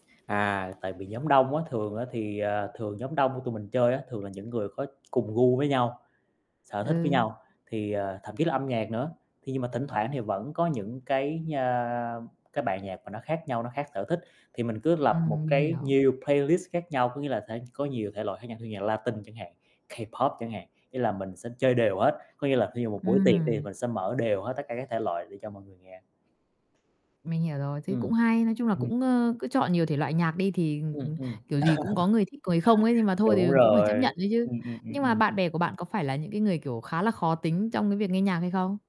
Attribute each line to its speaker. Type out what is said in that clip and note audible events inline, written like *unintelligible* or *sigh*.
Speaker 1: À, tại vì nhóm đông á, thường á thì, à, thường nhóm đông của tụi mình chơi á, thường là những người có cùng gu với nhau, sở thích với
Speaker 2: Ừ.
Speaker 1: nhau thì, à, thậm chí là âm nhạc nữa. Khi nhưng mà thỉnh thoảng thì vẫn có những cái nha cái bài nhạc mà nó khác nhau, nó khác sở thích, thì mình cứ lập một
Speaker 2: Ừm, mình
Speaker 1: cái
Speaker 2: hiểu.
Speaker 1: nhiều playlist khác nhau, có nghĩa là thể có nhiều thể loại khác nhau như nhạc Latinh chẳng hạn, K-pop chẳng hạn, nghĩa là mình sẽ chơi đều hết, có nghĩa là thí dụ một buổi tiệc thì
Speaker 2: Ừm.
Speaker 1: mình sẽ mở đều hết tất cả các thể loại để cho mọi người nghe.
Speaker 2: Mình hiểu rồi, thế cũng
Speaker 1: Ừm.
Speaker 2: hay. Nói chung là
Speaker 1: Ừm.
Speaker 2: cũng, ơ, cứ chọn nhiều thể loại nhạc đi thì, ừm,
Speaker 1: Ừm,
Speaker 2: ừm,
Speaker 1: ừm. *chuckles*
Speaker 2: kiểu gì cũng có người thích người không ấy, nhưng mà
Speaker 1: *unintelligible*
Speaker 2: thôi thì
Speaker 1: Đúng
Speaker 2: cũng phải
Speaker 1: rồi.
Speaker 2: chấp nhận ấy chứ.
Speaker 1: Ừm, ừm, ừm,
Speaker 2: Nhưng mà
Speaker 1: ừm.
Speaker 2: bạn bè của bạn có phải là những cái người, kiểu, khá là khó tính trong cái việc nghe nhạc hay không?